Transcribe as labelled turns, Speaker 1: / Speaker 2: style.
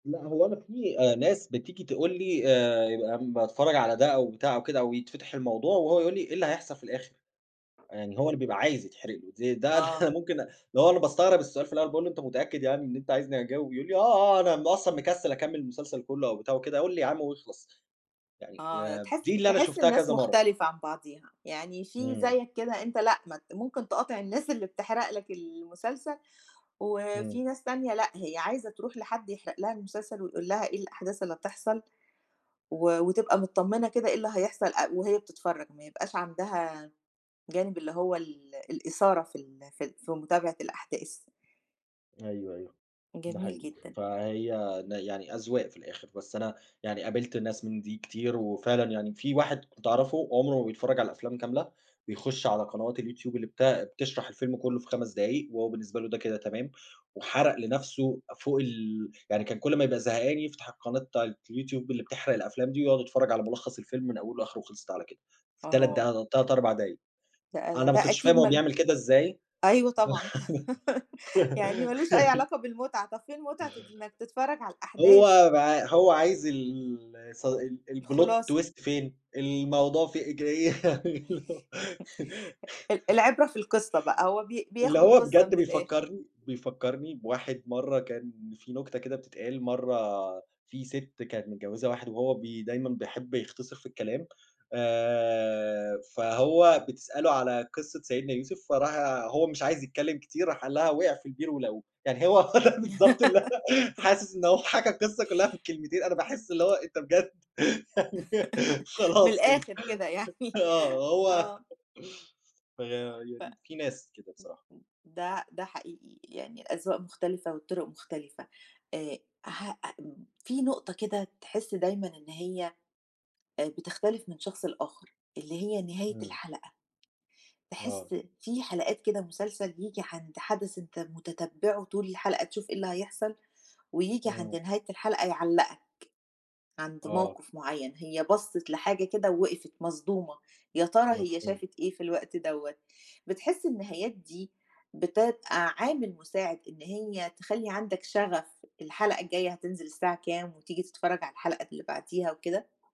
Speaker 1: لأ هو أنا في ناس بتيجي تقول لي، آآ يبقى باتفرّج على ده أو بتاع أو كده أو يتفتح الموضوع، وهو يقول لي: "إيه اللي هيحصل في الآخر؟" يعني هو اللي بيبقى عايز يتحرق له، ز ده أنا
Speaker 2: آه.
Speaker 1: ممكن أ اللي هو أنا باستغرب السؤال في الأول باقول له: "إن أنت متأكد يعني إن أنت عايزني أجاوب" يقول لي: "آه، آه أنا م أصلًا مكسِّل أكمِّل المسلسل كلّه" أو بتاع وكده، "قل لي يا عم واخلَص" يعني
Speaker 2: آه
Speaker 1: آآ
Speaker 2: تحس
Speaker 1: دي اللي أنا
Speaker 2: تحس
Speaker 1: شُفتها
Speaker 2: الناس
Speaker 1: كذا مَرّة.
Speaker 2: مختلفة عن بعضيها، يعني في
Speaker 1: إمم.
Speaker 2: زيك كده أنت لأ م ممكن تقاطع الناس اللي بتحرق لك المسلسل،
Speaker 1: إمم.
Speaker 2: وفي ناس تانية لأ هي عايزة تروح لحد يحرق لها المسلسل ويقول لها إيه الأحداث اللي هتحصل، و وتبقى متطمّنة كده إيه اللي هيحصل أ وهي بتتفرّج، ما يبقاش عندها جانب اللي هو ال الإثارة في ال في ال في متابعة الأحداث.
Speaker 1: أيوه، أيوه، ده
Speaker 2: جميل
Speaker 1: حقيقي،
Speaker 2: جدًا.
Speaker 1: فهي ن يعني أذواق في الآخر، بس أنا يعني قابلت ناس من دي كتير، وفعلًا يعني في واحد كنت أعرفه، عمره ما بيتفرّج على الأفلام كاملة، بيخش على قنوات اليوتيوب اللي بت بتشرح الفيلم كلّه في 5 دقايق، وهو بالنسبة له ده كده تمام، وحرَق لنفْسه فوق ال يعني كان كلّ ما يبقى زهقان يفتح القناة بتاعة اليوتيوب اللي بتحرَق الأفلام دي ويقعد يتفرّج على ملخّص الفيلم من أوله لآخره وخلْصِت على كده، في 3
Speaker 2: أها.
Speaker 1: دقا 3، 4 دقايق،
Speaker 2: لأ، لا
Speaker 1: أنا ما
Speaker 2: ده
Speaker 1: كنتش فاهم
Speaker 2: أكيد
Speaker 1: هو
Speaker 2: ما ل
Speaker 1: بيعمل كده إزاي
Speaker 2: أيوه طبعًا، يعني ما لهوش أي علاقة بالمتعة، طب فين متعة إنك تتفرّج على الأحداث؟
Speaker 1: هو ب هو عايز ال س ال الPlot
Speaker 2: الخلاصة.
Speaker 1: Twist فين، الموضوع في ج
Speaker 2: ال العبرة في القصّة بقى، هو بي
Speaker 1: اللي
Speaker 2: بياخد
Speaker 1: هو
Speaker 2: القصّة
Speaker 1: بجد
Speaker 2: من الآخر.
Speaker 1: بيفكّرني بيفكّرني بواحد مَرّة كان في نكتة كده بتتقال، مَرّة في ست كانت متجوّزة واحد وهو بي دايمًا بيحب يختصِر في الكلام، آآ فهو بتسأله على قصّة سيدنا يوسف فراح هو مش عايز يتكلّم كتير، راح قال لها وقع في البير ولقوه، يعني هو بالضبط اللي أنا حاسس إن هو حكى القصّة كلّها في الكلمتين، أنا
Speaker 2: امم.
Speaker 1: باحس اللي هو أنت بجد!
Speaker 2: من
Speaker 1: خلاص كده
Speaker 2: الآخر كده يعني.
Speaker 1: آه هو.
Speaker 2: آه. ف
Speaker 1: فيعني في ناس كده بصراحة.
Speaker 2: [unintelligible] ده ده حقيقي، يعني الأذواق مختلفة والطُرُق مختلفة، آآ ه أ في نقطة كده تحس دايمًا إن هي، آآ بتختلف من شخص لآخر، اللي هي نهاية
Speaker 1: إمم.
Speaker 2: الحلقة، تحس
Speaker 1: آه.
Speaker 2: في حلقات كده مسلسل ييجي عند حدث أنت متتبعه طول الحلقة تشوف إيه اللي هيحصل، وييجي عند
Speaker 1: إمم.
Speaker 2: نهاية الحلقة يعلّقك، عند
Speaker 1: آه.
Speaker 2: موقف معيّن، هي بصِّت لحاجة كده ووقفت مصدومة، يا ترى هي
Speaker 1: مفهوم.
Speaker 2: شافت إيه في الوقت دوّة! بتحس النهايات دي، بتبقى عامل مساعد إن هي تخلّي عندك شغف الحلقة الجاية هتنزل الساعة كام، وتيجي تتفرّج على الحلقة اللي بعديها وكده؟